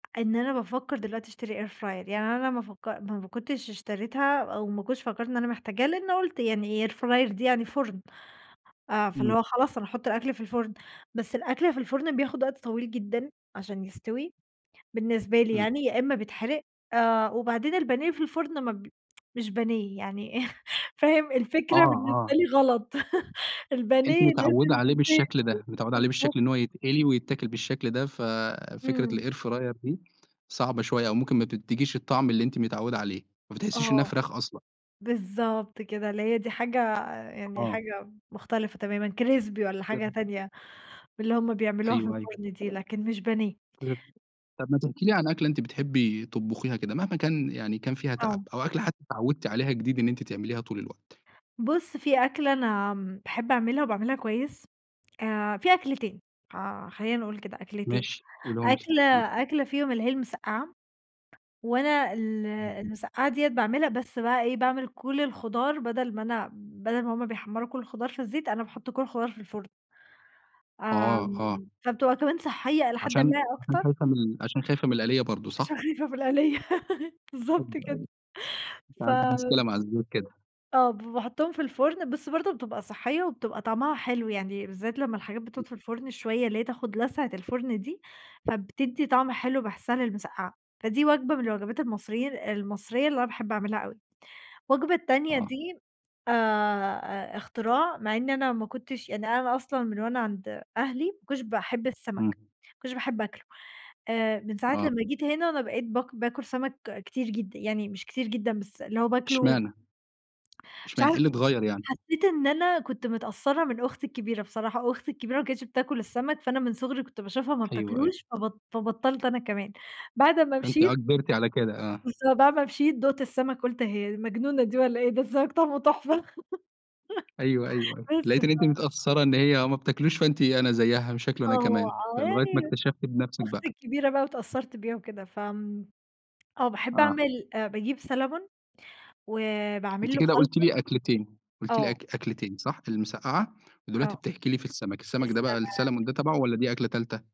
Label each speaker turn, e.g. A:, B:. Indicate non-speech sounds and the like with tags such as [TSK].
A: إن أنا بافكّر دلوقتي اشتري air fryer يعني أنا ما فك ما ب كنتش اشتريتها أو ما كنتش فكّرت إن أنا محتاجاها لإنّي قُلت يعني air fryer دي يعني فُرن آآ فاللي
B: إمم.
A: هو خلاص أنا هاحط الأكل في الفُرن، بس الأكل في الفُرن بياخد وقت طويل جدًا عشان يستوي، بالنسبة لي
B: إمم.
A: يعني يا إمّا بيتحرق، آآ وبعدين البانيه في الفُرن ما ب [TSK] مش بانيه يعني [LAUGHS] فاهم؟
B: آه،
A: الفكرة بالنسبة
B: آه.
A: لي غلط [LAUGHS]
B: أنتِ
A: البانيه
B: متعوّدة
A: لازم في
B: عليه
A: زيت
B: بالشكل ده، متعوّدة عليه
A: بالضبط.
B: بالشكل إن هو يتقلي ويتاكل بالشكل ده ف فكرة
A: إمم.
B: الair fryer دي صعبة شوية أو ممكن ما تدّيكيش الطعم اللي أنتِ متعوّدة عليه، ما بتحسّيش إنّها
A: آه.
B: فرخ أصلًا.
A: بالضبط كده اللي هي دي حاجة يعني
B: آه.
A: حاجة م مختلفة تمامًا crispy والّا حاجة
B: [UNINTELLIGIBLE]
A: تانية من اللي هُم بيعملوها في
B: أيوه، أيوه.
A: الفُرن دي، لكن مش بانيه.
B: [UNINTELLIGIBLE] طَب ما تحكي لي عن أكلة أنتِ بتحبي تطبخيها كده مهما كان يعني كان فيها تعب،
A: آه.
B: أو أكلة حتى اتعوّدتِ عليها جديد إن أنتِ تعمليها طول الوقت.
A: بُص في أكلة أنا م باحب اعملها وباعملها كويس، آآ في أكلتين ح خلّينا نقول كده أكلتين،
B: ماشي قوليهم لي
A: أكلة
B: آه.
A: أكلة فيهم اللي هي المسقعة وأنا ال
B: إمم.
A: المسقعة دِيّة باعملها بس بقى إيه باعمل كل الخضار بدل ما أنا بدل ما هُم بيحمّروا كل الخضار في الزيت، أنا باحط كل الخضار في الفُرن.
B: آه،
A: آمم
B: آه.
A: فبتبقى كمان صحّية إلى حدٍ
B: عشان
A: ما
B: عشان
A: أكتر.
B: خايفة من ال عشان خايفة من القليّة برضه
A: عشان
B: صح؟
A: خايفة من القليّة
B: أيوه،
A: بالضبط
B: أيوه
A: كده
B: أنتِ عندِك مشكلة
A: فم
B: مع الزيوت كده.
A: آه ب فباحطّهم في الفُرن بس برضه بتبقى صحّية وبتبقى طعمها حلو، يعني بالذات لمّا الحاجات بتقعُد
B: إمم.
A: في الفُرن شوية اللي هي تاخد لسعة الفُرن دي، فبتدّي طعم حلو باحسّها للمسقعة، فدي وجبة من الوجبات المصري ال المصرية اللي أنا باحب اعملها أوي. وجبة التانية
B: آه.
A: دي آآ، آآ اختراع مع إن أنا ما كنتش يعني أنا أصلًا من أنا عند أهلي، ما كنتش باحب السمك،
B: امم.
A: ما كنتش باحب آكله آآ من ساعة
B: آه.
A: لمّا جيت هنا أنا بقيت باك باكل سمك كتير جدًا، يعني مش كتير جدًا بس اللي هو باكله
B: إشمعنا
A: مش
B: إشمعنا إيه
A: عارفة
B: اللي اتغيّر يعني؟
A: حسّيت إن أنا كنت متأثّرة من أختي الكبيرة بصراحة، أختي الكبيرة ما كانتش بتاكل السمك، فأنا من صُغري كنت باشوفها ما
B: أيوه، أيوه.
A: بتاكلوش فبط فبطّلت أنا كمان، بعد أمّا
B: فأنتِ آه
A: مشيت
B: كبرتِ على كده آه.
A: بالض بعد ما مشيت دُقت السمك قُلت هي دي مجنونة دي والّا إيه ده السمك طعمة تحفة
B: أيوه، أيوه، أيوه
A: [LAUGHS] بس ف
B: لقيتِ إن أنتِ متأثّرة إن هي ما بتاكلوش فأنتِ أنا زيّها مش هاكله أنا
A: آه
B: كمان،
A: آه
B: فلغاية ما
A: يعني
B: اكتشفتِ بنفسِك
A: أختي
B: بقى.
A: الكبيرة بقى واتأثّرت بيها وكده، فآمم آه باحب
B: آه.
A: اعمل آآ باجيب salmon وباعمل
B: أنتِ
A: له
B: كده قُلتِ
A: خلطة
B: لي أكلتين قُلتِ لي
A: آه.
B: أك أكلتين صح؟ المسقعة ودلوقتي
A: آه.
B: بتحكي لي في السمك، السمك ده بقى
A: السمك.
B: الsalmon ده تبعه والّا دي أكلة تالتة؟